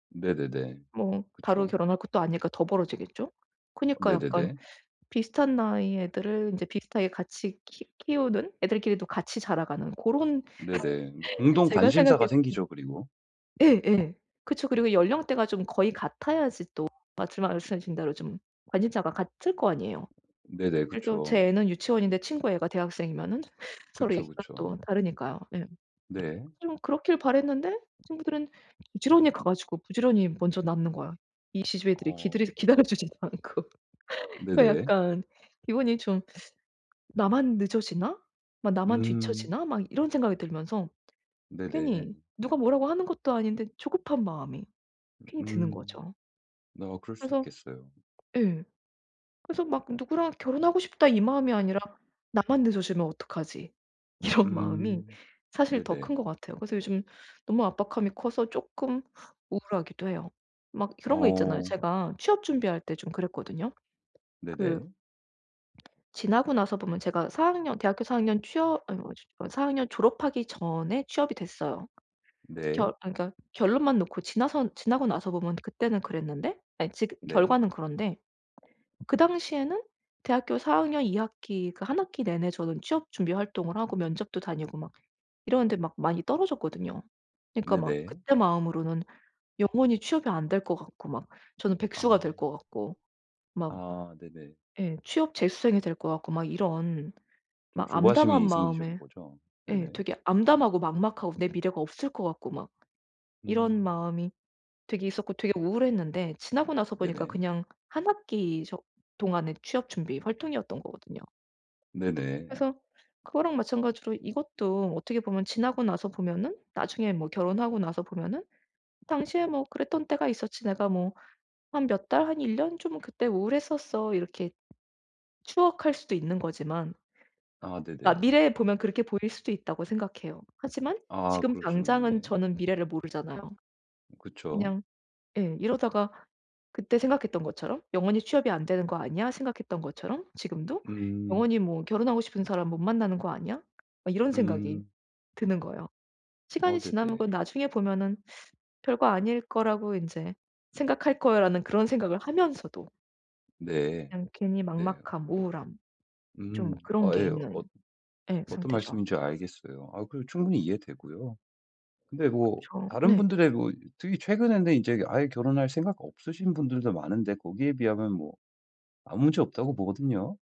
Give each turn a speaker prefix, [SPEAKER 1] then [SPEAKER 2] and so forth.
[SPEAKER 1] 네네네.
[SPEAKER 2] 뭐 바로
[SPEAKER 1] 그쵸.
[SPEAKER 2] 결혼할 것도 아니니까 더 벌어지겠죠. 그니까 약간
[SPEAKER 1] 네네네.
[SPEAKER 2] 비슷한 나이의 애들을 인제 비슷하게 같이 키 키우는 애들끼리도 같이 자라가는 고런
[SPEAKER 1] 네네 뭐 공동
[SPEAKER 2] 제가
[SPEAKER 1] 관심사가
[SPEAKER 2] 생각해도
[SPEAKER 1] 생기죠 그리고.
[SPEAKER 2] 예예. 그쵸. 그리고 연령대가 좀 거의 같아야지 또 마침 말씀하신 대로 좀 관심사가 같을 거 아니에요.
[SPEAKER 1] 네네
[SPEAKER 2] 그래도
[SPEAKER 1] 그쵸.
[SPEAKER 2] 제 애는 유치원인데 친구 애가 대학생이면은 서로
[SPEAKER 1] 그쵸,
[SPEAKER 2] 얘기가
[SPEAKER 1] 그쵸.
[SPEAKER 2] 또 다르니까요. 예.
[SPEAKER 1] 네.
[SPEAKER 2] 좀 그렇길 바랐는데 친구들은 부지런히 가 가지고 부지런히 먼저 낳는 거야. 이 계집애 들이 기드려
[SPEAKER 1] 어.
[SPEAKER 2] 기다려주지도 않고 그
[SPEAKER 1] 네네.
[SPEAKER 2] 약간 기분이 좀 '나만 늦어지나.' 막 '나만
[SPEAKER 1] 음.
[SPEAKER 2] 뒤처지나.' 막 이런 생각이 들면서 괜히
[SPEAKER 1] 네네.
[SPEAKER 2] 누가 뭐라고 하는 것도 아닌데 조급한 마음이 괜히 드는
[SPEAKER 1] 음
[SPEAKER 2] 거죠.
[SPEAKER 1] 어 그럴 수
[SPEAKER 2] 그래서
[SPEAKER 1] 있겠어요.
[SPEAKER 2] 예. 그래서 막 '누구랑 결혼하고 싶다.' 이 마음이 아니라 '나만 늦어지면 어떡하지.' 이런 마음이
[SPEAKER 1] 음
[SPEAKER 2] 사실 더 큰
[SPEAKER 1] 네네.
[SPEAKER 2] 것 같아요. 그래서 요즘 너무 압박감이 커서 쪼끔 우울하기도 해요. 막 그런 거 있잖아요.
[SPEAKER 1] 어.
[SPEAKER 2] 제가 취업 준비할 때 좀 그랬거든요. 그
[SPEAKER 1] 네네.
[SPEAKER 2] 지나고 나서 보면 제가 4 학년 대학교 4 학년 취업 아이 뭐지 뭐 4 학년 졸업하기 전에 취업이 됐어요. 결
[SPEAKER 1] 네.
[SPEAKER 2] 아 그러니까 결론만 놓고 지나선 지나고 나서 보면 그때는 그랬는데 아니 지금
[SPEAKER 1] 네.
[SPEAKER 2] 결과는 그런데 그 당시에는 대학교 4 학년 2 학기 그 1 학기 내내 저는 취업 준비 활동을 하고 면접도 다니고 막 이러는데 막 많이 떨어졌거든요. 그러니까 막
[SPEAKER 1] 네네.
[SPEAKER 2] 그때 마음으로는 영원히 취업이 안 될 것 같고 막 저는 백수가
[SPEAKER 1] 아.
[SPEAKER 2] 될 것 같고 막
[SPEAKER 1] 아 네네.
[SPEAKER 2] 예 취업 재수생이 될 것 같고 막 이런
[SPEAKER 1] 좀
[SPEAKER 2] 막
[SPEAKER 1] 조바심이
[SPEAKER 2] 암담한
[SPEAKER 1] 생기신
[SPEAKER 2] 마음에
[SPEAKER 1] 거죠?
[SPEAKER 2] 예
[SPEAKER 1] 네.
[SPEAKER 2] 되게 암담하고 막막하고 내 미래가 없을 것 같고 막 이런
[SPEAKER 1] 음.
[SPEAKER 2] 마음이 되게 있었고 되게 우울했는데 지나고 나서 보니까
[SPEAKER 1] 네네.
[SPEAKER 2] 그냥 1 학기 속 동안에 취업 준비 활동이었던 거거든요.
[SPEAKER 1] 네네.
[SPEAKER 2] 그래서 그거랑 마찬가지로 이것도 어떻게 보면 지나고 나서 보면은 나중에 뭐 결혼하고 나서 보면은 '당시에 뭐 그랬던 때가 있었지. 내가 뭐 한 몇 달 한 1 년쯤 그때 우울했었어.' 이렇게 추억할 수도 있는 거지만
[SPEAKER 1] 아
[SPEAKER 2] 아
[SPEAKER 1] 네네.
[SPEAKER 2] 미래에 보면 그렇게 보일 수도 있다고 생각해요. 하지만
[SPEAKER 1] 아
[SPEAKER 2] 지금
[SPEAKER 1] 그러시군요.
[SPEAKER 2] 당장은
[SPEAKER 1] 네.
[SPEAKER 2] 저는 미래를 모르잖아요.
[SPEAKER 1] 그쵸.
[SPEAKER 2] 그냥 예 이러다가 그때 생각했던 것처럼 '영원히 취업이 안 되는 거 아니야.' 생각했던 것처럼 지금도
[SPEAKER 1] 음.
[SPEAKER 2] '영원히 뭐 결혼하고 싶은 사람 못 만나는 거 아니야.' 막 이런 생각이
[SPEAKER 1] 음.
[SPEAKER 2] 드는 거예요.
[SPEAKER 1] 아
[SPEAKER 2] '시간이 지나면
[SPEAKER 1] 네네.
[SPEAKER 2] 나중에 보면은 별거 아닐 거라고 인제 생각할 거야.'라는 그런 생각을 하면서도
[SPEAKER 1] 네.
[SPEAKER 2] 그냥 괜히
[SPEAKER 1] 네.
[SPEAKER 2] 막막함, 우울함 좀
[SPEAKER 1] 음.
[SPEAKER 2] 그런
[SPEAKER 1] 아
[SPEAKER 2] 게
[SPEAKER 1] 예.
[SPEAKER 2] 있는
[SPEAKER 1] 어
[SPEAKER 2] 예
[SPEAKER 1] 어떤
[SPEAKER 2] 상태죠.
[SPEAKER 1] 말씀인지 알겠어요. 아 그리고 충분히 이해되고요. 근데 뭐
[SPEAKER 2] 그쵸.
[SPEAKER 1] 다른
[SPEAKER 2] 네.
[SPEAKER 1] 분들의 뭐 특히 최근에는 인제 아예 결혼할 생각 없으신 분들도 많은데 거기에 비하면 뭐 아무 문제 없다고 보거든요.